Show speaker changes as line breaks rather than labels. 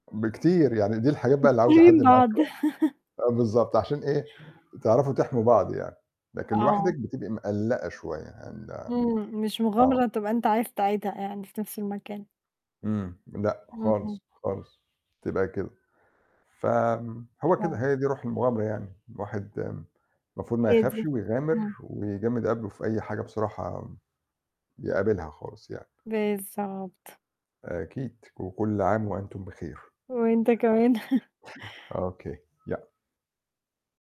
بكتير يعني دي الحاجات بقى
أنتم
اللي عاوزة حد
فاهمين
معاكِ
بعض.
[unintelligible] آآ بالضبط عشان إيه، تعرفوا تحموا بعض يعني، لكن
آه.
لوحدِك بتبقى مقلّقة شوية هن
إمم، مش
آه.
مغامرة تبقى أنت عايز تعيدها يعني في نَفْس المكان.
إمم، لأ،
اهم.
خالص، خالص تبقى كده، فم هو كده
آه.
هي دي روح المغامرة يعني، الواحد م المفروض ما
هي
يخافش
دي،
ويغامر
إمم.
ويجمّد قبله في أي حاجة بصراحة م بيقابلها خالص يعني.
بالضبط.
أكيد وكل عام وأنتم بخير.
وأنت كمان.
أوكي يأ